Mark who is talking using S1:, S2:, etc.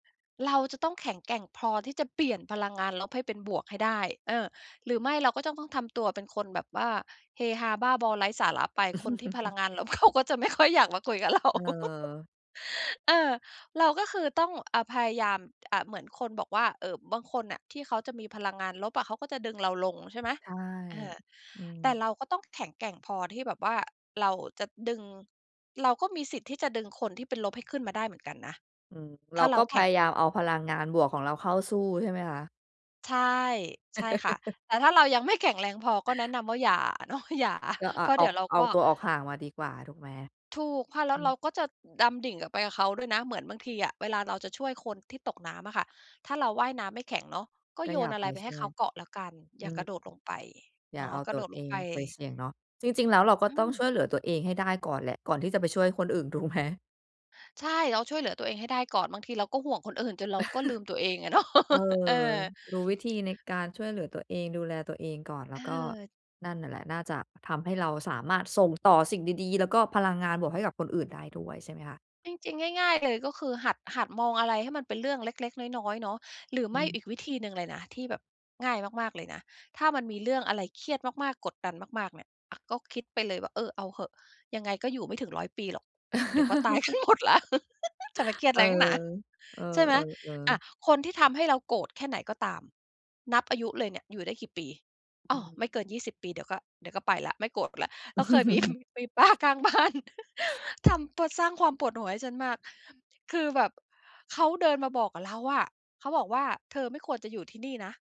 S1: เราจะต้องแข็งแกร่งพอที่จะเปลี่ยนพลังงานลบให้เป็นบวกให้ได้ เออ หรือไม่เราก็จะต้องทำตัวเป็นคนแบบว่า เฮฮา บ้าบอไร้สาระไป คนที่พลังงานลบ เขาก็จะไม่ค่อยอยากมาคุยกับเรา
S2: เออ
S1: เออ เราก็คือต้อง อ่า พยายาม อะ เหมือนคนบอกว่า เอ่อ บางคนน่ะที่เขาจะมีพลังงานลบอะ เขาก็จะดึงเราลงใช่ไหม
S2: ใช่
S1: เออ
S2: อื
S1: แต่
S2: ม
S1: เราก็ต้องแข็งแกร่งพอที่แบบว่าเราจะดึง เราก็มีสิทธิ์ที่จะดึงคนที่เป็นลบให้ขึ้นมาได้เหมือนกันนะ
S2: อืม เร
S1: ถ้
S2: า
S1: าเร
S2: ก
S1: า
S2: ็พ
S1: แข็
S2: ย
S1: ง
S2: ายามเอาพลังงานบวกของเราเข้าสู้ใช่ไหมคะ?
S1: ใช่ ใช่ค่ะ แต่ถ้าเรายัง ไม่ แข็งแรงพอก็แนะนำว่าอย่า เนาะ อย่า
S2: เออ อ
S1: เพ
S2: ะ
S1: ราะเ
S2: อ
S1: ด
S2: อ
S1: ี๋ย
S2: ก
S1: วเรา
S2: เอ
S1: ก
S2: า
S1: ็
S2: ตัวออกห่างมาดีกว่าถูกไหม?
S1: ถูกค่ะ แล
S2: อ
S1: ้
S2: ื
S1: วเร
S2: ม
S1: าก็จะดำดิ่งอะไปกับเขาด้วยนะ เหมือนบางทีอะ เวลาเราจะช่วยคนที่ตกน้ำอะค่ะ ถ้าเราว่ายน้ำไม่แข็งเนาะ ก็
S2: ก็
S1: โย
S2: อย่า
S1: นอะ
S2: ไป
S1: ไรไป
S2: ช
S1: ให้
S2: ่ว
S1: เข
S2: ย
S1: าเกาะแล้วกัน อ
S2: อ
S1: ย
S2: ื
S1: ่าก
S2: ม
S1: ระโดดลงไป
S2: อย
S1: เ
S2: ่
S1: น
S2: า
S1: าะ
S2: เอา
S1: กร
S2: ต
S1: ะ
S2: ั
S1: โด
S2: ว
S1: ด
S2: เอ
S1: ลง
S2: ง
S1: ไป
S2: ไปเสี่ยงเนาะ จริง ๆ แล้วเราก็
S1: อื
S2: ต้องช
S1: ม
S2: ่วยเหลือตัวเองให้ได้ก่อนแหละ ก่อนที่จะไปช่วยคนอื่นถูกไหม?
S1: ใช่ เราช่วยเหลือตัวเองให้ได้ก่อน บางทีเราก็ห่วงคนอื่นจนเราก็ลืมตัวเองอะเนาะ
S2: เออ
S1: เออ
S2: รู้วิธีในการช่วยเหลือตัวเอง ดูแลตัวเองก่อน แล
S1: เ
S2: ้วก็
S1: ออ
S2: นั่นน่ะแหละ น่าจะทำให้เราสามารถส่งต่อสิ่งดีดี แล้วก็พลังงานบวกให้กับคนอื่นได้ด้วยใช่ไหมคะ?
S1: จริง ๆ ง่าย ๆ เลยก็คือ หัด หัดมองอะไรให้มันเป็นเรื่องเล็ก ๆ น้อย ๆ เนาะ หรือ
S2: อ
S1: ไ
S2: ื
S1: ม่
S2: ม
S1: อีกวิธีหนึ่งเลยนะที่แบบง่ายมาก ๆ เลยนะ ถ้ามันมีเรื่องอะไรเครียดมาก ๆ กดดันมาก ๆ เนี่ย อะ ก็คิดไปเลยว่า เออ เอาเหอะ ยังไงก็อยู่ไม่ถึง 100 ปีหรอก อืม เดี๋ยวก็ ตายกันหมดแล้ว จะไปเครียด
S2: เอ
S1: อะ
S2: อ
S1: ไร หนักหนา
S2: เออ
S1: ใช่ไห
S2: เ
S1: ม?
S2: ออ เอ
S1: อะ
S2: อ
S1: คนที่ทำให้เราโกรธแค่ไหนก็ตามนับอายุเลยเนี่ย อยู่ได้กี่ปี อ
S2: อ
S1: ้
S2: ื
S1: อ
S2: ม
S1: ไม่เกิน 20 ปี เดี๋ยวก็ เดี๋ยวก็ไปแล้ว ไม่โกรธแล้ว เราเคยมี มีป้าข้างบ้าน ทำตัวสร้างความปวดหัวให้ฉันมาก คือแบบ เขาเดินมาบอกกับเราอะ เขาบอกว่า "เธอไม่ควรจะอยู่ที่นี่นะ"